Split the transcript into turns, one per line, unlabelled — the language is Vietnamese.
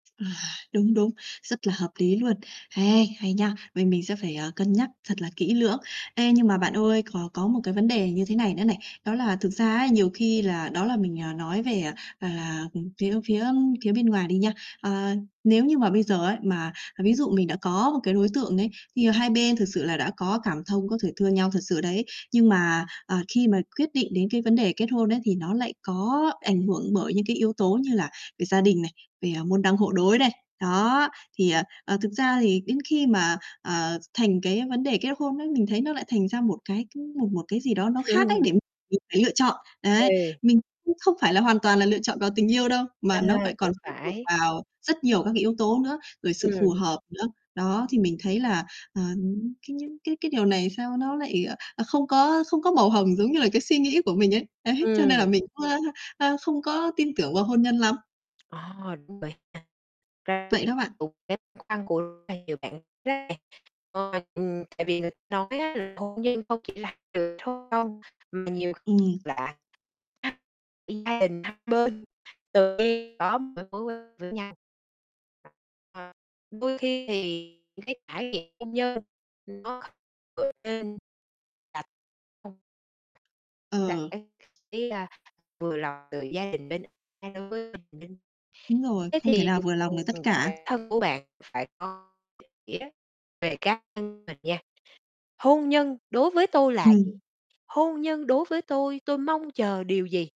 À, đúng, đúng, rất là hợp lý luôn, hay, hay nhá! Mình mình sẽ phải, ờ, cân nhắc thật là kỹ lưỡng. Ê, nhưng mà bạn ơi, có có một cái vấn đề như thế này nữa này. Đó là thực ra ấy, nhiều khi là đó là mình, à, nói về, ờ, là, ừm, phía phía phía bên ngoài đi nha. Ờ, nếu như mà bây giờ ấy, mà ví dụ mình đã có một cái đối tượng ấy, thì hai bên thực sự là đã có cảm thông, có thể thương nhau thật sự đấy, nhưng mà, à, khi mà quyết định đến cái vấn đề kết hôn ấy, thì nó lại có ảnh hưởng bởi những cái yếu tố như là về gia đình này, về, à, môn đăng hộ đối này. Đó. Thì, à, ờ, thực ra thì đến khi mà, à, thành cái vấn đề kết hôn ấy, mình thấy nó lại thành ra một cái, ưm, một một cái gì đó nó khác ấy, để mình phải lựa chọn. Đấy.
Ừ.
Mình cũng không phải là hoàn toàn là lựa chọn vào tình yêu đâu, mà nó
Ờ,
phải còn
cũng
phụ thuộc
phải.
vào rất nhiều các cái yếu tố nữa, rồi sự phù
Ừm.
hợp nữa. Đó, thì mình thấy là, ờ, cái những cái cái điều này sao nó lại, ờ, ờ, không có không có màu hồng giống như là cái suy nghĩ của mình ấy. Đấy, cho nên là
Ừm.
mình cũng, ơ, ơ, không có tin tưởng vào hôn nhân lắm.
Ờ, đúng rồi nha
Vậy đó bạn.
[unintelligible] khăn của rất là nhiều bạn [unintelligible] ừm, tại vì người ta nói á, là hôn nhân không chỉ là từ số 0 mà nhiều kh
Ừm.
lạ [unintelligible] gia đình hai bên tự nhiên có một cái mối quan với nhau. Ờ. Đôi khi thì những cái trải nghiệm hôn nhân nó [unintelligible]
Ờ.
[unintelligible] thế là vừa là từ gia đình bên [unintelligible]
Đúng rồi,
Thế
không thể
thì,
nào vừa lòng được
ừm,
tất cả.
bản thân của bạn phải có định nghĩa về cá nhân mình nha, hôn nhân đối với tôi là gì?
Ừm.
Hôn nhân đối với tôi, tôi mong chờ điều gì?